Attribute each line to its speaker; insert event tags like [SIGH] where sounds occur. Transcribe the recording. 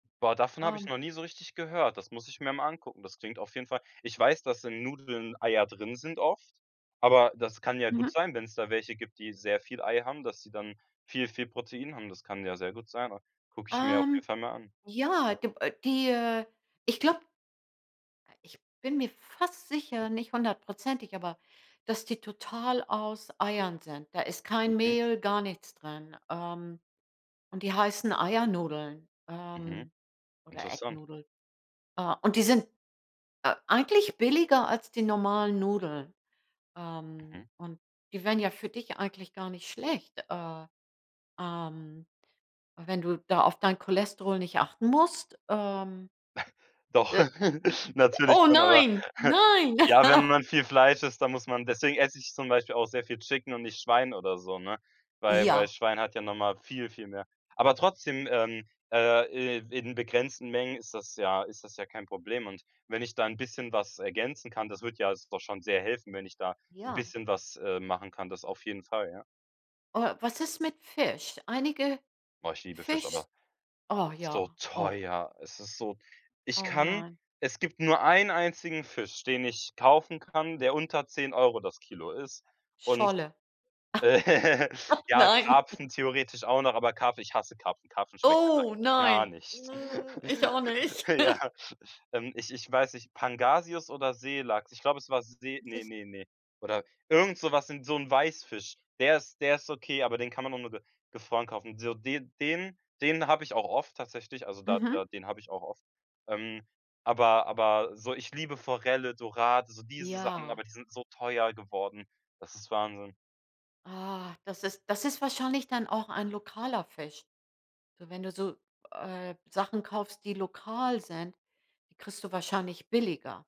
Speaker 1: Boah, davon hab ich
Speaker 2: Ähm.
Speaker 1: noch nie so richtig gehört. Das muss ich mir mal angucken. Das klingt auf jeden Fall Ich weiß, dass in Nudeln Eier drin sind oft, aber das kann ja gut
Speaker 2: Mhm.
Speaker 1: sein, wenn's da welche gibt, die sehr viel Ei haben, dass sie dann viel viel Protein haben. Das kann ja sehr gut sein au Guck ich mir auf
Speaker 2: Ähm,
Speaker 1: jeden Fall mal an.
Speaker 2: ja,
Speaker 1: Ja.
Speaker 2: gib äh, die, äh ich glaub äh, ich bin mir fast sicher, nicht 100 %, aber dass die total aus Eiern sind. Da ist kein
Speaker 1: Mhm.
Speaker 2: Mehl, gar nichts drin. Ähm, und die heißen Eiernudeln,
Speaker 1: Mhm.
Speaker 2: ähm, oder egg
Speaker 1: Interessant.
Speaker 2: noodle. Äh, und die sind, äh, eigentlich billiger als die normalen Nudeln. Ähm,
Speaker 1: Mhm.
Speaker 2: und die wären ja für dich eigentlich gar nicht schlecht. Äh ähm, wenn du da auf dein Cholesterol nicht achten musst ähm.
Speaker 1: [CHUCKLES] Doch.
Speaker 2: Äh.
Speaker 1: [LAUGHS] Natürlich
Speaker 2: Oh
Speaker 1: drin, aber.
Speaker 2: nein
Speaker 1: [CHUCKLES]
Speaker 2: nein.
Speaker 1: Ja, wenn
Speaker 2: [LAUGHS]
Speaker 1: man viel Fleisch isst, dann muss man deswegen ess ich zum Beispiel auch sehr viel Chicken und nicht Schwein oder so, ne? Weil weil
Speaker 2: Ja.
Speaker 1: Schwein hat ja noch mal viel, viel mehr. Aber trotzdem, ähm äh, i in begrenzten Mengen ist das ja ist das ja kein Problem. Und wenn ich da 'n bisschen was ergänzen kann das würd ja doch schon sehr helfen, wenn ich da 'n
Speaker 2: Ja.
Speaker 1: bisschen was, äh, machen kann. Das auf jeden Fall, ja.
Speaker 2: Oh, was ist mit Fisch? Einige
Speaker 1: Oh, ich liebe Fisch,
Speaker 2: Fisch
Speaker 1: aber der
Speaker 2: Oh
Speaker 1: ist so
Speaker 2: ja. Oh.
Speaker 1: teuer. Es ist so ich
Speaker 2: Oh
Speaker 1: kann
Speaker 2: nein.
Speaker 1: es gibt nur einen einzigen Fisch, den ich kaufen kann, der unter 10 € das Kilo ist, und
Speaker 2: Scholle.
Speaker 1: [LAUGHS]
Speaker 2: [CHUCKLES]
Speaker 1: Ja,
Speaker 2: Nein.
Speaker 1: Karpfen theoretisch auch noch, aber Karpfen ich hasse Karpfen. Karpfen schmeckt einfach
Speaker 2: Oh
Speaker 1: gar
Speaker 2: nein,
Speaker 1: nicht.
Speaker 2: ich
Speaker 1: [LAUGHS]
Speaker 2: auch nicht.
Speaker 1: Ja.
Speaker 2: [LAUGHS]
Speaker 1: Ähm, ich ich weiß nicht, Pangasius oder Seelachs? Ich glaub, es war See
Speaker 2: Das
Speaker 1: ne
Speaker 2: ist
Speaker 1: ne ne. Oder irgend so was in so 'n Weißfisch. Der ist der ist okay, aber den kann man auch nur ge gefroren kaufen. So den den den hab ich auch oft tatsächlich, also da
Speaker 2: Mhm.
Speaker 1: da den hab ich auch oft. Ähm, aber aber so ich liebe Forelle, Dorade, so diese Sachen,
Speaker 2: Ja.
Speaker 1: aber die sind so teuer geworden. Das ist Wahnsinn.
Speaker 2: Ah, das ist das ist wahrscheinlich dann auch ein lokaler Fisch. So wenn du so, äh, Sachen kaufst, die lokal sind, die kriegst du wahrscheinlich billiger.